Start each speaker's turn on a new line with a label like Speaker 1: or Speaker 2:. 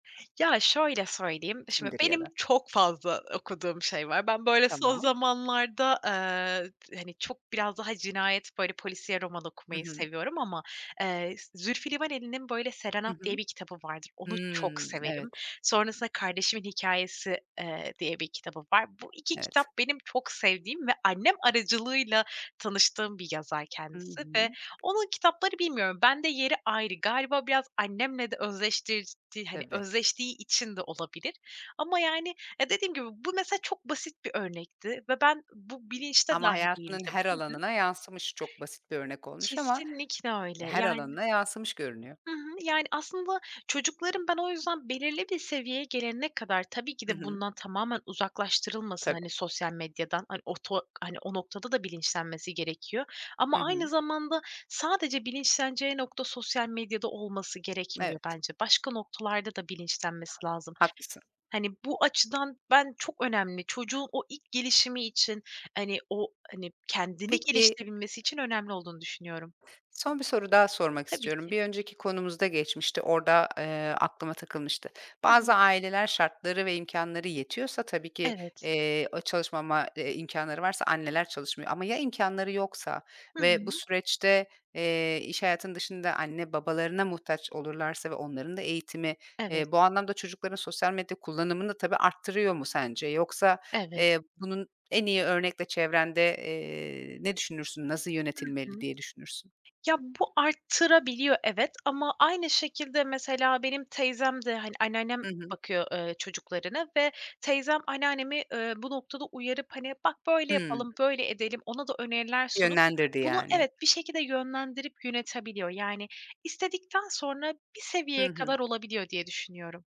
Speaker 1: Ya şöyle söyleyeyim, şimdi
Speaker 2: Kimdir ya
Speaker 1: benim
Speaker 2: da?
Speaker 1: çok fazla okuduğum şey var. Ben böyle son
Speaker 2: Tamam.
Speaker 1: zamanlarda, eee, t hani, çok biraz daha cinayet, böyle polisiye roman
Speaker 2: Hı
Speaker 1: okumayı
Speaker 2: hı.
Speaker 1: seviyorum ama eee Z Zülfü Livaneli'nin böyle
Speaker 2: Hı
Speaker 1: Serenat diye
Speaker 2: hı.
Speaker 1: bir kitabı vardır. Onu çok
Speaker 2: Hımm,
Speaker 1: severim.
Speaker 2: evet.
Speaker 1: Sonrasında kardeşimin hikâyesi, eee, diye bir kitabı var. Bu 2 kitap
Speaker 2: Evet.
Speaker 1: benim çok sevdiğim ve annem aracılığıyla tanıştığım bir yazar
Speaker 2: Hı
Speaker 1: kendisi ve
Speaker 2: hı.
Speaker 1: onun kitapları bilmiyorum. Bende yeri ayrı, galiba biraz annemle de özdeştirdi, hani,
Speaker 2: Tabii.
Speaker 1: özdeştiği için de olabilir ama yani, ya, dediğim gibi bu mesela çok basit bir örnekti ve ben bu bilinçte
Speaker 2: Ama
Speaker 1: dâhil
Speaker 2: hayatının
Speaker 1: değildim.
Speaker 2: her
Speaker 1: Hı hı.
Speaker 2: alanına yansımış. Çok basit bir örnek olmuş ama,
Speaker 1: Kesinlikle
Speaker 2: eee,
Speaker 1: öyle
Speaker 2: her
Speaker 1: yani
Speaker 2: alanına yansımış görünüyor.
Speaker 1: Hı hı, yani aslında çocukların ben o yüzden belirli bir seviyeye gelene kadar, tabii ki
Speaker 2: Hı
Speaker 1: de
Speaker 2: hı.
Speaker 1: bundan tamamen uzaklaştırılmasın,
Speaker 2: Tabii.
Speaker 1: hani, sosyal medyadan, hani, o to hani, o noktada da bilinçlenmesi gerekiyor
Speaker 2: Hı
Speaker 1: ama aynı
Speaker 2: hı.
Speaker 1: zamanda sadece bilinçleneceği nokta sosyal medyada olması gerekmiyor
Speaker 2: Evet.
Speaker 1: bence. Başka noktalarda da bilinçlenmesi lazım.
Speaker 2: Haklısın.
Speaker 1: Hani, bu açıdan ben çok önemli. Çocuğun o ilk gelişimi için, hani, o, hani, kendini
Speaker 2: Peki
Speaker 1: geliştirebilmesi için önemli olduğunu düşünüyorum.
Speaker 2: Son bir soru daha sormak
Speaker 1: Tabii
Speaker 2: istiyorum.
Speaker 1: ki.
Speaker 2: Bir önceki konumuzda geçmişti, orada, eee, aklıma takılmıştı.
Speaker 1: Hı
Speaker 2: Bazı
Speaker 1: hı.
Speaker 2: aileler şartları ve imkânları yetiyorsa tabii ki,
Speaker 1: Evet.
Speaker 2: eee, ııı, çalışmama, eee, imkânları varsa anneler çalışmıyor ama ya imkânları yoksa
Speaker 1: Hı
Speaker 2: ve bu
Speaker 1: hı.
Speaker 2: süreçte, eee, iş hayatının dışında anne babalarına muhtaç olurlarsa ve onların da eğitimi,
Speaker 1: Evet.
Speaker 2: eee, bu anlamda çocukların sosyal medya kullanımını tabii arttırıyor mu sence? Yoksa,
Speaker 1: Evet.
Speaker 2: eee, bunun en iyi örnekle çevrende, eee, ne düşünürsün? Nasıl
Speaker 1: Hı
Speaker 2: yönetilmeli
Speaker 1: hı.
Speaker 2: diye düşünürsün?
Speaker 1: Ya bu arttırabiliyor evet, ama aynı şekilde mesela benim teyzem de, hani, anneannem
Speaker 2: Hı hı.
Speaker 1: bakıyor, ııı, çocuklarına ve teyzem anneannemi, ııı, bu noktada uyarıp, hani: "Bak böyle
Speaker 2: Hımm.
Speaker 1: yapalım, böyle edelim." ona da öneriler sunup
Speaker 2: Yönlendirdi
Speaker 1: bunu
Speaker 2: yani hep.
Speaker 1: evet, bir şekilde yönlendirip yönetebiliyor, yani, istedikten sonra bir
Speaker 2: Hı
Speaker 1: seviyeye kadar
Speaker 2: hı.
Speaker 1: olabiliyor diye düşünüyorum.